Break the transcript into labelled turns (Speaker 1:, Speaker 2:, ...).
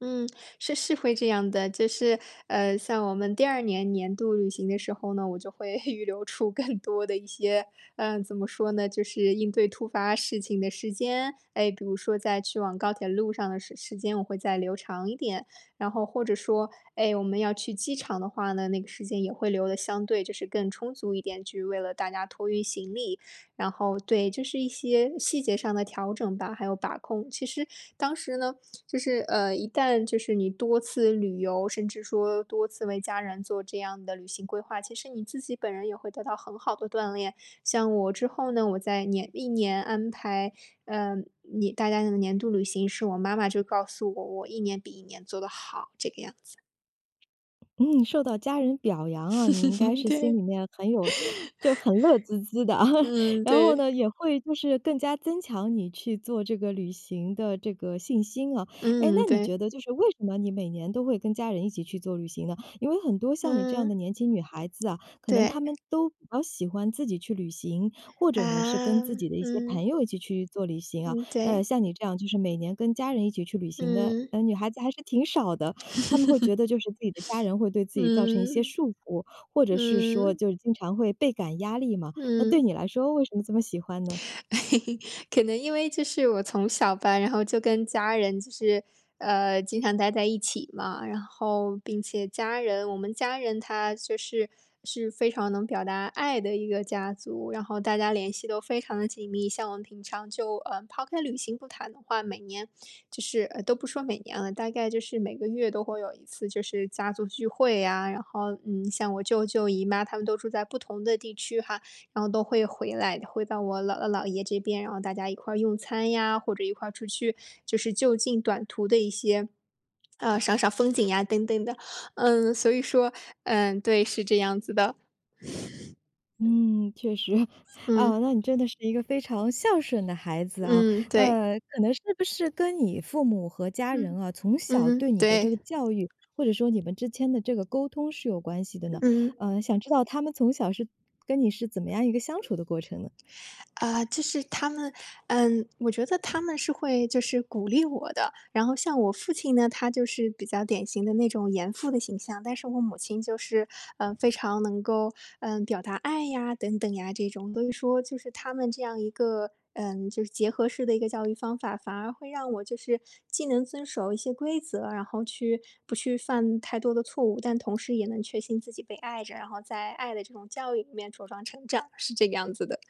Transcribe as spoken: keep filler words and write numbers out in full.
Speaker 1: 嗯，是是会这样的，就是，呃，像我们第二年年度旅行的时候呢，我就会 预留出更多的一些，嗯，怎么说呢，就是应对突发事情的时间。哎，比如说在去往高铁路上的时时间，我会再留长一点，然后或者说，哎，我们要去机场的话呢，那个时间也会留得相对就是更充足一点，去为了大家托运行李。然后对，就是一些细节上的调整吧，还有把控。其实当时呢，就是，呃，一旦就是你多次旅游，甚至说多次为家人做这样的旅行规划，其实你自己本人也会得到很好的锻炼。像我之后呢，我在年历年安排，呃，你大家的年度旅行时，我妈妈就告诉我，我一年比一年做得好，这个样子。
Speaker 2: 嗯，受到家人表扬啊，你应该 是心
Speaker 1: 对。
Speaker 2: 里面很有就很乐滋滋的，
Speaker 1: 嗯，
Speaker 2: 然后
Speaker 1: 对。
Speaker 2: 呢，也会就是更加增强你去做这个旅行的这个信心啊，哎，
Speaker 1: 嗯，
Speaker 2: 那你
Speaker 1: 对。
Speaker 2: 觉得就是为什么你每年都会跟家人一起去做旅行呢？因为很多像你这样的
Speaker 1: 嗯。
Speaker 2: 年轻女孩子啊，可能
Speaker 1: 对。
Speaker 2: 她们都比较喜欢自己去旅行，或者呢是跟
Speaker 1: 啊，
Speaker 2: 自己的一些朋
Speaker 1: 嗯。
Speaker 2: 友一起去做旅行啊，
Speaker 1: 嗯，
Speaker 2: 呃，
Speaker 1: 对。
Speaker 2: 像你这样就是每年跟家人一起去旅行的，
Speaker 1: 嗯。
Speaker 2: 嗯，女孩子还是挺少的，她们会觉 得就是自己的家人会对自己造成一些
Speaker 1: 嗯，
Speaker 2: 束缚，或者是说
Speaker 1: 嗯。
Speaker 2: 就经常会倍感压力嘛。那对
Speaker 1: 嗯。
Speaker 2: 你来说为什么这么喜欢呢？
Speaker 1: 可能因为这是我从小吧，然后就跟家人就是，呃，经常待在一起嘛，然后并且家人我们家人他就是是非常能表达爱的一个家族，然后大家联系都非常的紧密，像我们平常就，呃，抛开旅行不谈的话，每年就是呃，都不说每年了，大概就是每个月都会有一次就是家族聚会啊，然后，嗯，像我舅舅姨妈他们都住在不同的地区哈，然后都会回来，回到我姥姥、姥爷这边，然后大家一块用餐呀，或者一块出去，就是就近短途的一些，呃，赏赏风景啊等等的。嗯，所以说，嗯，对，是这样子的。
Speaker 2: 嗯，确实，
Speaker 1: 嗯。
Speaker 2: 啊，那你真的是一个非常孝顺的孩子啊，
Speaker 1: 嗯，对。
Speaker 2: 呃，可能是不是跟你父母和家人
Speaker 1: 嗯，
Speaker 2: 啊，从小
Speaker 1: 嗯嗯，
Speaker 2: 对你的这
Speaker 1: 对。
Speaker 2: 个教育，或者说你们之间的这个沟通是有关系的呢？
Speaker 1: 嗯。
Speaker 2: 嗯，想知道他们从小是跟你是怎么样一个相处的过程呢？
Speaker 1: 呃，就是他们，嗯，我觉得他们是会就是鼓励我的，然后像我父亲呢，他就是比较典型的那种严父的形象，但是我母亲就是，呃，非常能够，呃，表达爱呀等等呀这种，所以说就是他们这样一个，嗯，就是结合式的一个教育方法，反而会让我就是既能遵守一些规则，然后去不去犯太多的错误，但同时也能确信自己被爱着，然后在爱的这种教育里面茁壮成长，是这个样子的。